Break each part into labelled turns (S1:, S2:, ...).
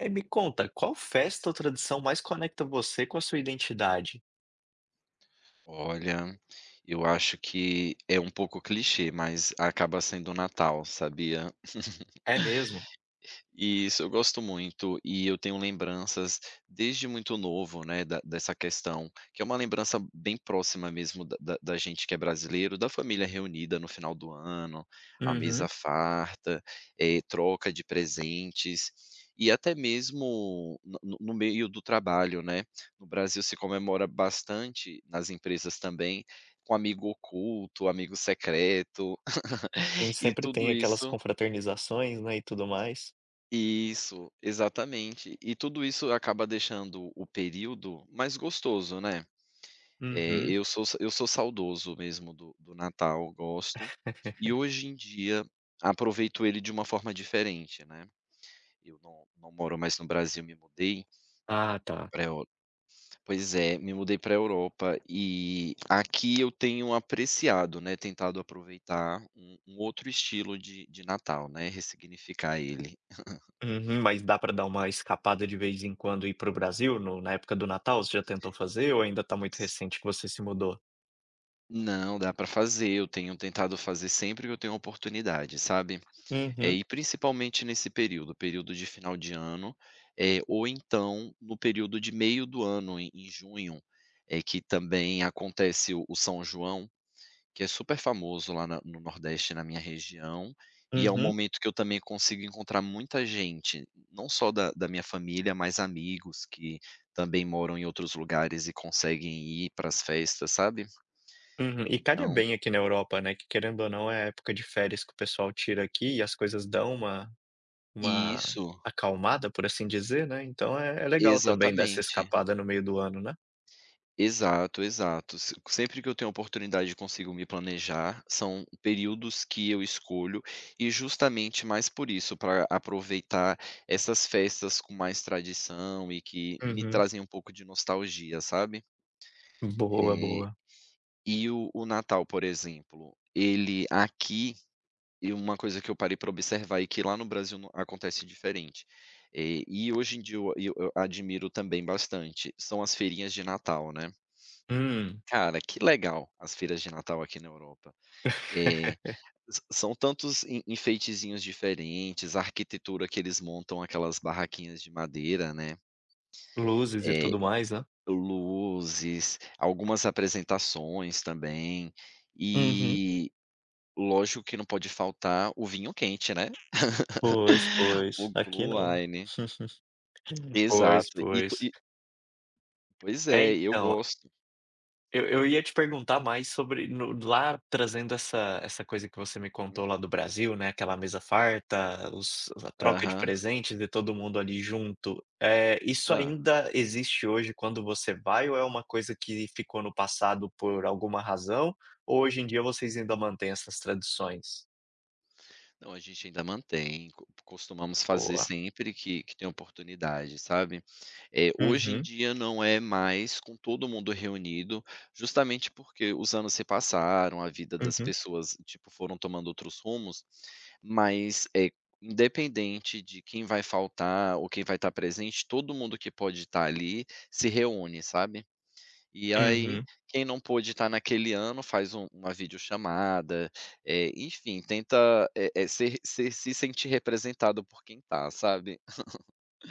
S1: Eh, me conta qual festa ou tradição mais conecta você com a sua identidade?
S2: Olha, eu acho que é um pouco clichê, mas acaba sendo o Natal, sabia?
S1: É mesmo?
S2: Isso, eu gosto muito, e eu tenho lembranças desde muito novo, né, da dessa questão, que é uma lembrança bem próxima mesmo da da da gente que é brasileiro, da família reunida no final do ano, a mesa
S1: Uhum.
S2: farta, eh, troca de presentes e até mesmo no no no meio do trabalho, né. No Brasil, se comemora bastante nas empresas também, com amigo oculto, amigo secreto,
S1: Sim,
S2: e
S1: sempre
S2: tudo
S1: tem aquelas
S2: isso
S1: confraternizações, né, e tudo mais.
S2: Isso, exatamente, e tudo isso acaba deixando o período mais gostoso, né. Eh,
S1: Uhum.
S2: eu sou eu sou saudoso mesmo do do Natal, eu gosto, e hoje em dia aproveito ele de uma forma diferente, né. Eu não não moro mais no Brasil, me mudei
S1: Ah, tá.
S2: pra Eur pois é, me mudei para a Europa, e aqui eu tenho apreciado, né, tentado aproveitar um um outro estilo de de Natal, né, ressignificar ele.
S1: Uhum, mas dá pra dar uma escapada de vez em quando, ir para o Brasil no na época do Natal? Você já tentou fazer, ou ainda tá muito
S2: S
S1: recente que você se mudou?
S2: Não, dá para fazer. Eu tenho tentado fazer sempre que eu tenho oportunidade, sabe, eh,
S1: Uhum.
S2: e principalmente nesse período, período de final de ano, eh, ou então no período de meio do ano em em junho, é que também acontece o o São João, que é super famoso lá na no Nordeste, na minha região, e é um
S1: Uhum.
S2: momento que eu também consigo encontrar muita gente, não só da da minha família, mas amigos que também moram em outros lugares e conseguem ir para as festas, sabe?
S1: Uhum e calha
S2: Então
S1: bem aqui na Europa, né, que querendo ou não, é a época de férias que o pessoal tira aqui e as coisas dão uma uma
S2: Isso.
S1: acalmada, por assim dizer, né, então é, é legal também dessa
S2: Exatamente.
S1: escapada no meio do ano, né?
S2: Exato, exato, se sempre que eu tenho oportunidade, consigo me planejar. São períodos que eu escolho e justamente mais por isso, para aproveitar essas festas com mais tradição e que me
S1: Uhum.
S2: trazem um pouco de nostalgia, sabe?
S1: Boa,
S2: Eh.
S1: boa.
S2: E o o Natal, por exemplo, ele aqui e uma coisa que eu parei para observar e que lá no Brasil não acontece diferente. Eh e hoje em dia eu e eu a admiro também bastante, são as feirinhas de Natal, né.
S1: Hum.
S2: Cara, que legal as feiras de Natal aqui na Europa, eh sã são tantos en enfeitezinhos diferentes, a arquitetura que eles montam aquelas barraquinhas de madeira, né.
S1: Luzes e
S2: Eh,
S1: tudo mais, né?
S2: luzes, algumas apresentações também
S1: Uhum.
S2: e lógico que não pode faltar o vinho quente, né.
S1: Pois,
S2: O
S1: pois aqui
S2: glow
S1: não,
S2: wine.
S1: pois,
S2: Exato e tu
S1: pois.
S2: e Pois
S1: É,
S2: é, e eu
S1: então
S2: gosto.
S1: eu eu ia te perguntar mais sobre no d lá trazendo essa essa coisa que você me contou
S2: Hum.
S1: lá do Brasil, né, aquela mesa farta, os a troca de
S2: Aham.
S1: presentes e todo mundo ali junto, eh, isso
S2: Hã.
S1: ainda existe hoje quando você vai ou é uma coisa que ficou no passado por alguma razão, ou hoje em dia vocês ainda mantém essas tradições?
S2: Não, a gente ainda mantém co costumamos fazer
S1: Boa!
S2: sempre que que tem oportunidade, sabe? Eh, hoje em
S1: Uhum.
S2: dia não é mais com todo mundo reunido, justamente porque os anos se passaram, a vida das
S1: Uhum.
S2: pessoas, tipo, foram tomando outros rumos, mas, eh, independente de quem vai faltar ou quem vai estar presente, todo mundo que pode estar ali se reúne, sabe? E aí,
S1: Uhum.
S2: quem não pôde estar naquele ano faz um uma vídeochamada, eh, enfim, tenta, eh eh, ser ser se sentir representado por quem tá, sabe?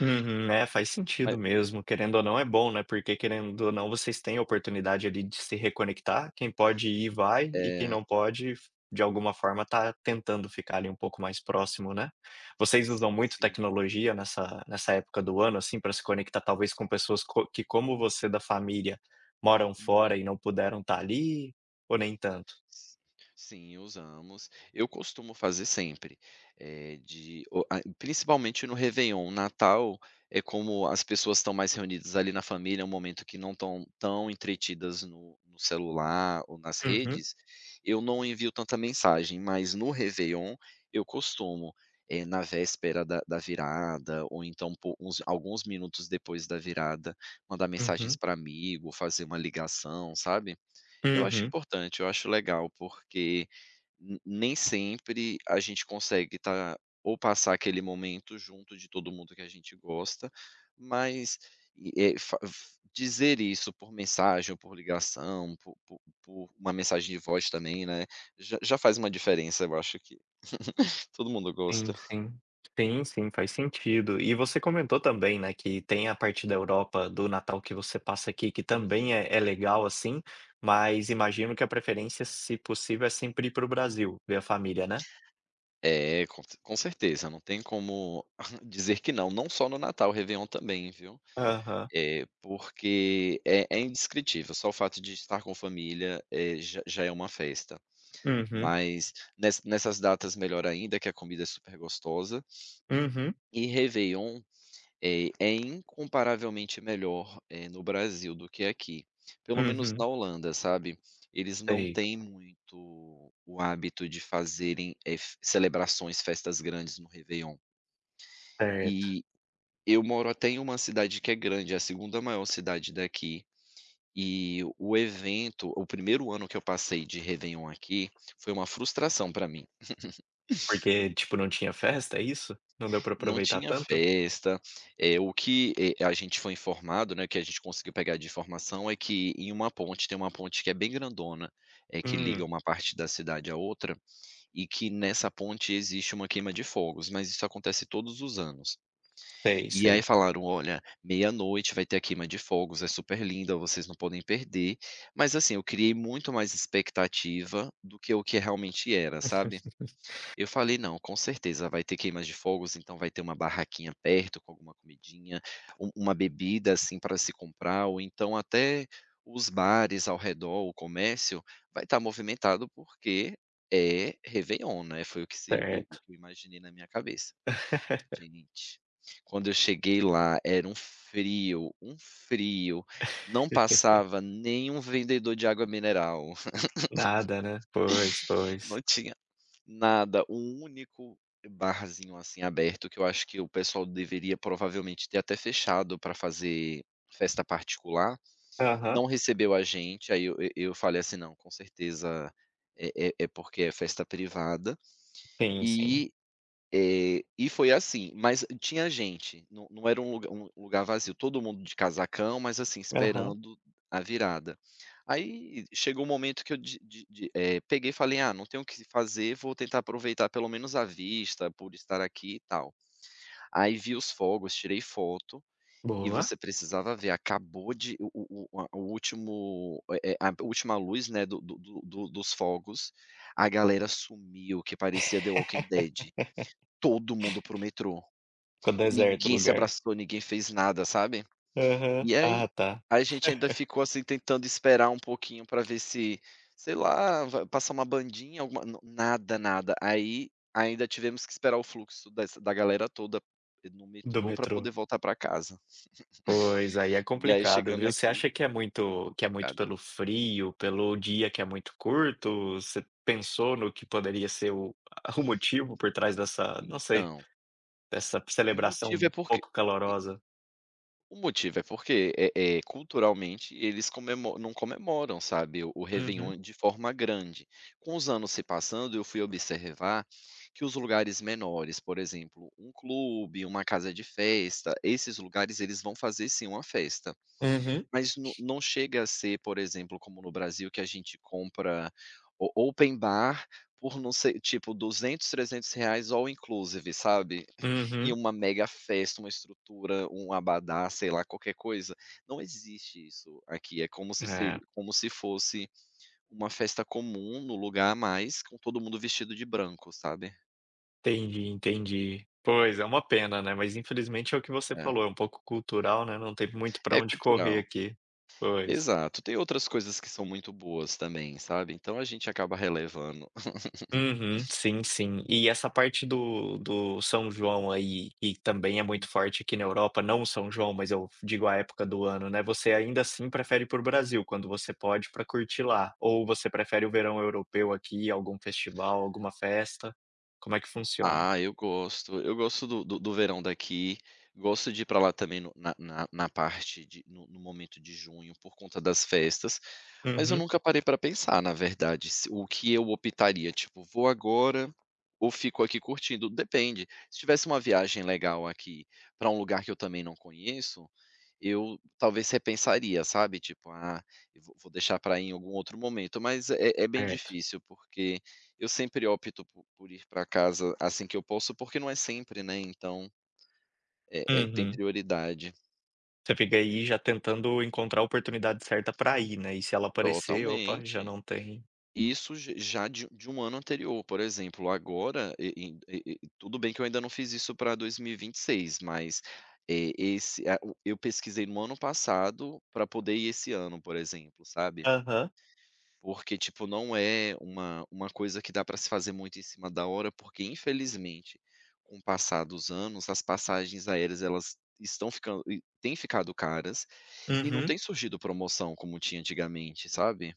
S1: Uhum, né, faz
S2: Ma
S1: sentido mesmo, querendo ou não é bom, né, porque querendo ou não vocês têm a oportunidade ali de se reconectar, quem pode ir vai e quem
S2: É.
S1: não pode, f de alguma forma, tá tentando ficar ali um pouco mais próximo, né. Vocês usam
S2: Sim,
S1: muito
S2: sim.
S1: tecnologia nessa nessa época do ano, assim, pra se conectar, talvez com pessoas co que como você, da família, moram fora e
S2: Uhum.
S1: não puderam tá ali ou nem tanto?
S2: S sim, usamos, eu costumo fazer sempre, eh, de o a principalmente no Réveillon, Natal, eh, como as pessoas estão mais reunidas ali na família, é um momento que não estão tão entretidas no no celular ou nas
S1: Uhum.
S2: redes, eu não envio tanta mensagem, mas no Réveillon eu costumo, eh, na véspera da da virada, ou então po uns alguns minutos depois da virada, mandar mensagens
S1: Uhum.
S2: pra amigo ou fazer uma ligação, sabe? Eu acho
S1: Uhum.
S2: importante, eu acho legal, porque ne nem sempre a gente consegue estar ou passar aquele momento junto de todo mundo que a gente gosta, mas e eh, fa v dizer isso por mensagem ou por ligação, por por por uma mensagem de voz também, né, já já faz uma diferença, eu acho que todo mundo
S1: Sim,
S2: gosta.
S1: sim sim, sim, faz sentido e você comentou também, né, que tem a parte da Europa, do Natal que você passa aqui que também
S2: Uhum.
S1: é é legal, assim, mas imagino que a preferência, se possível, é sempre ir pro Brasil, ver a família, né?
S2: É com c com certeza, não tem como dizer que não não só no Natal, Réveillon também, viu?
S1: Aham.
S2: Eh, porque é é indescritível, só o fato de estar com família, eh, já já é uma festa,
S1: Uhum.
S2: mas nes nessas datas melhor ainda que a comida é super gostosa.
S1: Uhum.
S2: E Réveillon, eh, é incomparavelmente melhor, eh, no Brasil do que aqui pelo menos na
S1: Uhum.
S2: Holanda, sabe, eles não
S1: Sei.
S2: têm muito o hábito de fazerem, eh, fe celebrações, festas grandes no Réveillon.
S1: Certo.
S2: Eh, eu moro até em uma cidade que é grande, é a segunda maior cidade daqui e o evento o primeiro ano que eu passei de Réveillon aqui foi uma frustração pra mim.
S1: Porque, tipo, não tinha festa, é isso, não deu pra
S2: Não
S1: aproveitar
S2: tinha
S1: tanto?
S2: festa eh, o que, eh, a gente foi informado, né que a gente conseguiu pegar de informação é que em uma ponte tem uma ponte que é bem grandona, eh, que liga
S1: Hum.
S2: uma parte da cidade a outra e que nessa ponte existe uma queima de fogos, mas isso acontece todos os anos.
S1: Sei,
S2: E aí,
S1: sei.
S2: falaram: "Olha, 00:00 vai ter a queima de fogos, é super linda, vocês não podem perder.", mas, assim, eu criei muito mais expectativa do que, eh, o que realmente era, sabe? Eu falei: "Não, com certeza vai ter queimas de fogos, então vai ter uma barraquinha perto com alguma comidinha, um uma bebida, assim, pra se comprar, ou então, até os bares ao redor, ou o comércio vai estar movimentado porque é Réveillon, né?", foi o que se eu o
S1: Certo.
S2: que eu imaginei na minha cabeça. Gente, quando eu cheguei lá era um frio um frio, não passava nem um vendedor de água mineral.
S1: Nada, né? Pois
S2: Não
S1: pois.
S2: tinha nada, um único barzinho, assim, aberto que eu acho que o pessoal deveria provavelmente ter até fechado pra fazer festa particular
S1: Aham.
S2: não recebeu a gente, aí eu e eu falei assim: "Não, com certeza é é é porque é festa privada
S1: Tem sim.
S2: e, eh, e foi assim, mas, hum, tinha gente, não não era um lug um lugar vazio, todo mundo de casacão, mas assim,
S1: Aham.
S2: esperando a virada. Aí chegou um momento que eu di di di eh, peguei e falei: "Ah, não tem o que se fazer vou tentar aproveitar pelo menos a vista por estar aqui e tal.", aí, vi os fogos, tirei foto e
S1: Boa!
S2: você precisava ver, acabou de o o o oa o último, eh eh a do última luz, né, do do do do dos fogos a galera sumiu que parecia The Walking Dead todo mundo pro metrô.
S1: Ficou deserto o
S2: Ninguém se
S1: lugar.
S2: abraçou, ninguém fez nada, sabe?
S1: Aham.
S2: E aí,
S1: Ah, tá.
S2: a gente ainda ficou, assim, tentando esperar um pouquinho pra ver se, sei lá, va passa uma bandinha, alguma, não nada, nada, aí ainda tivemos que esperar o fluxo dessa da galera toda, eh, no
S1: Do
S2: metrô pra
S1: metrô.
S2: poder voltar pra casa.
S1: Pois, aí é
S2: E aí,
S1: complicado,
S2: chegando
S1: viu, você
S2: aqui
S1: acha que é muito que é muito
S2: Complicado.
S1: pelo frio, pelo dia que é muito curto, você pensou no que poderia ser o ah o motivo por trás dessa não sei
S2: Então
S1: dessa
S2: o motivo é
S1: celebração
S2: porque
S1: pouco calorosa.
S2: O motivo é porque é é, culturalmente, eles comemo não comemoram, sabe, o
S1: Uhum.
S2: Réveillon de forma grande. Com os anos se passando, eu fui observar que os lugares menores, por exemplo, um clube, uma casa de festa, esses lugares, eles vão fazer sim uma festa,
S1: Uhum.
S2: mas n não chega a ser, por exemplo, como no Brasil, que a gente compra o open bar, por não sei tipo, 200, R$300 all inclusive sabe, e
S1: Uhum.
S2: uma mega festa, uma estrutura, um abadá, sei lá, qualquer coisa, não existe isso aqui, é como se
S1: É.
S2: se como se fosse uma festa comum, num lugar a mais, com todo mundo vestido de branco, sabe.
S1: Entendi, entendi, pois é uma pena, né, mas, infelizmente, é o que você
S2: É.
S1: falou, é um pouco cultural, né, não tem muito pra
S2: É
S1: onde correr
S2: cultural.
S1: aqui, pois.
S2: Exato, tem outras coisas que são muito boas também, sabe. Então a gente acaba relevando.
S1: Uhum, sim, sim, e essa parte do do São João, aí, e também é muito
S2: Uhum.
S1: forte aqui na Europa, não o São João, mas, eu digo a época do ano, né. Você, ainda assim, prefere ir para o Brasil, quando você pode, pra curtir lá ou você prefere o verão europeu aqui, algum festival, alguma festa? Como é que funciona?
S2: Ah, eu gosto, eu gosto do do do verão daqui. Gosto de ir pra lá também no na na na parte de no no momento de junho, por conta das festas, mas eu
S1: Uhum.
S2: nunca parei pra pensar, na verdade, se o que eu optaria tipo: “Vou agora, ou fico aqui curtindo?”, depende, se tivesse uma viagem legal aqui, pra um lugar que eu também não conheço, eu, talvez repensaria, sabe, tipo: “Ah, vou vou deixar pra ir em algum outro momento”, mas é é bem
S1: Certo.
S2: difícil, porque, eu sempre opto por por ir pra casa, assim que eu posso, porque não é sempre, né, então, eh eh, tem
S1: Uhum.
S2: prioridade.
S1: Você fica aí já tentando encontrar oportunidade certa para ir, né. E se ela aparecer, opa, já
S2: Totalmente,
S1: não tem
S2: isso j já de de um ano anterior, por exemplo, agora e e e e tudo bem que eu ainda não fiz isso para 2026, mas é esse é a o eu pesquisei no ano passado para poder ir esse ano, por exemplo, sabe.
S1: Aham.
S2: Porque tipo, não é uma uma coisa que dá para se fazer muito em cima da hora, porque infelizmente, com o passar dos anos, as passagens aéreas, elas estão ficando e têm ficado caras e não
S1: Uhum.
S2: tem surgido promoção, como tinha antigamente, sabe.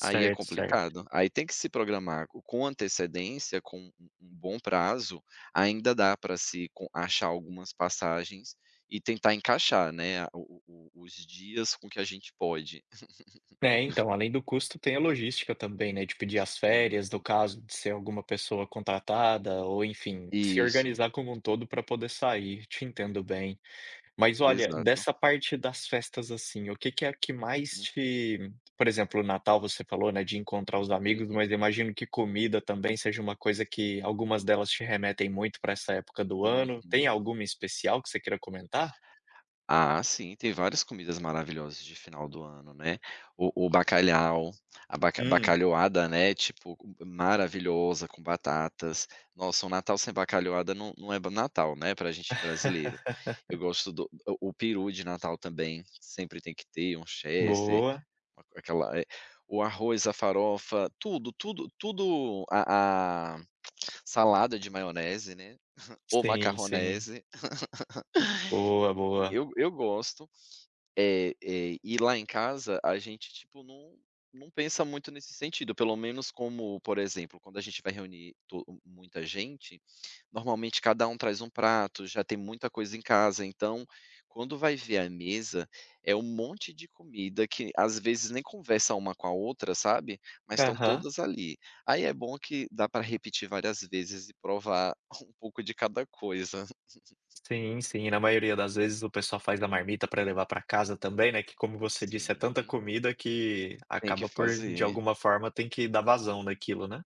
S2: Aí é
S1: certo.
S2: complicado. Aí tem que se programar com antecedência, com um um bom prazo, ainda dá para se com achar algumas passagens e tentar encaixar, né. O o o os dias com que a gente pode.
S1: Tem então, além do custo, tem a logística também, né. De pedir as
S2: Tem a
S1: férias no
S2: logística.
S1: caso de ser alguma pessoa contratada ou, enfim, se
S2: Isso.
S1: organizar como um todo para poder sair, te entendo bem. Mas olha
S2: Exato.
S1: dessa parte das festas assim, o que que é a que mais
S2: Hum.
S1: te por exemplo, o Natal, você falou, né. De encontrar os amigos,
S2: Uhum.
S1: mas eu imagino que comida também seja uma coisa que algumas delas te remetem muito para essa época do ano. Tem
S2: Uhum.
S1: alguma em especial que você queira comentar?
S2: Ah, sim, tem várias comidas maravilhosas de final do ano, né? O o bacalhau, a baca
S1: Hum.
S2: bacalhoada, né? Tipo u maravilhosa, com batatas nossa, um Natal sem bacalhoada não não é do Natal, né? Pra a gente brasileiro, eu gosto do o o peru de Natal também. Sempre tem que ter um Chester,
S1: Boa.
S2: a aquela é o arroz, a farofa, tudo, tudo, tudo a a salada de maionese, né? Ou
S1: Sim, sim.
S2: macarronese,
S1: Boa,
S2: enfim
S1: boa.
S2: eu eu gosto, eh eh e lá em casa a gente tipo não não pensa muito nesse sentido, pelo menos como por exemplo, quando a gente vai reunir to muita gente. Normalmente, cada um traz um prato, já tem muita coisa em casa. Então, quando vai ver a mesa é um monte de comida que às vezes nem conversa uma com a outra, sabe, mas estão
S1: Aham.
S2: todas ali. Aí é bom que dá pra repetir várias vezes e provar um pouco de cada coisa.
S1: Sim, sim. Na maioria das vezes o pessoal faz da marmita pra levar pra casa também, né? Que, como você disse, é tanta
S2: Sim.
S1: comida que
S2: Tem que
S1: acaba por de
S2: fazer.
S1: alguma forma, tem que dar vazão daquilo, né.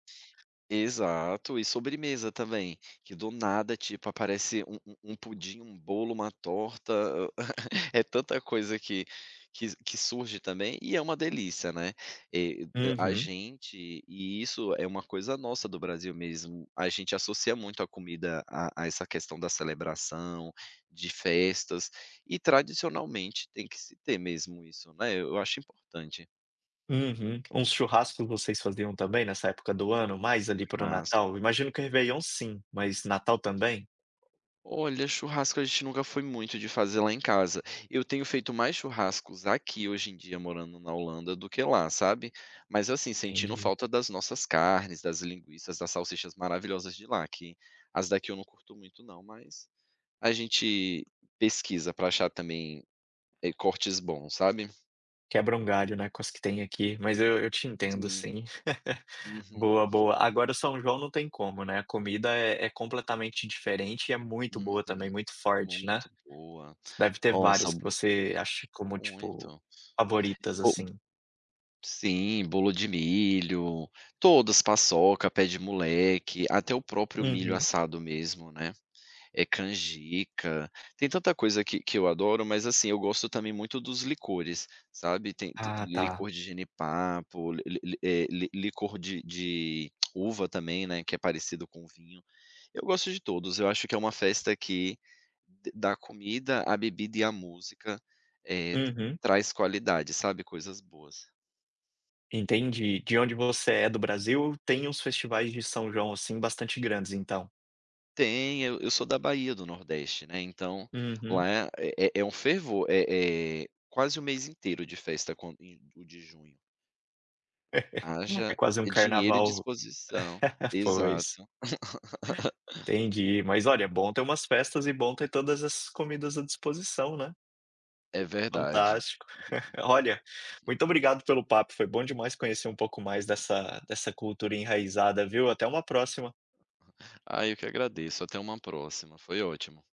S2: Exato e sobremesa também que do nada tipo aparece um um um pudim, um bolo, uma torta é tanta coisa que que que surge também e é uma delícia, né? Eh a
S1: Uhum.
S2: gente e isso é uma coisa nossa do Brasil mesmo. A gente associa muito a comida a a essa questão da celebração de festas e tradicionalmente tem que se ter mesmo isso, né? Eu acho importante.
S1: Uhum. Uns churrasco vocês faziam também nessa época do ano, mais ali para o
S2: Massa.
S1: Natal? Imagino que o Réveillon, sim. Mas Natal também?
S2: Olha, churrasco a gente nunca foi muito de fazer lá em casa. Eu tenho feito mais churrascos aqui, hoje em dia, morando na Holanda, do que lá, sabe? Mas assim, sentindo
S1: Entendi.
S2: falta das nossas carnes, das linguiças, das salsichas maravilhosas de lá, que as daqui eu não curto muito não, mas a gente pesquisa para achar também, eh, cortes bons, sabe?
S1: Quebra um galho, né, com as que tem aqui. Mas eu eu te entendo
S2: Sim.
S1: sim.
S2: Uhum.
S1: Boa, boa. Agora o São João não tem como, né? A comida é é completamente diferente e é muito
S2: Uhum.
S1: boa também, muito forte, né?
S2: Muito boa.
S1: Deve ter
S2: Nossa,
S1: várias
S2: m
S1: que você ache, como tipo,
S2: muito.
S1: favoritas,
S2: Ou
S1: assim.
S2: Sim, bolo de milho todas, paçoca, pé de moleque, até o próprio milho
S1: Uhum.
S2: assado mesmo, né. Eh, canjica. Tem tanta coisa que que eu adoro, mas assim, eu gosto também muito dos licores, sabe. Tem tem
S1: Ah, tá.
S2: licor de jenipapo, li li li eh, li licor de de uva também, né, que é parecido com o vinho. Eu gosto de todos. Eu acho que é uma festa que d da comida à bebida e à música, eh, t
S1: Uhum.
S2: traz qualidade, sabe? Coisas boas.
S1: Entendi. De onde você é do Brasil, tem uns festivais de São João, assim, bastante grandes, então?
S2: Tem, eu eu sou da Bahia, do Nordeste, né. Então
S1: Uhum.
S2: lá é é é um fervor é é, quase o mês inteiro de festa com o de junho.
S1: É
S2: Haja
S1: quase um
S2: dinheiro e
S1: carnaval
S2: disposição.
S1: Pois.
S2: Exato.
S1: Entendi. Mas olha, é bom ter umas festas e bom ter todas essas comidas à disposição, né?
S2: É verdade.
S1: Fantástico. Olha, muito obrigado pelo papo. Foi bom demais conhecer um pouco mais dessa dessa cultura enraizada, viu. Até uma próxima!
S2: Ah, eu que agradeço. Até uma próxima, foi ótimo.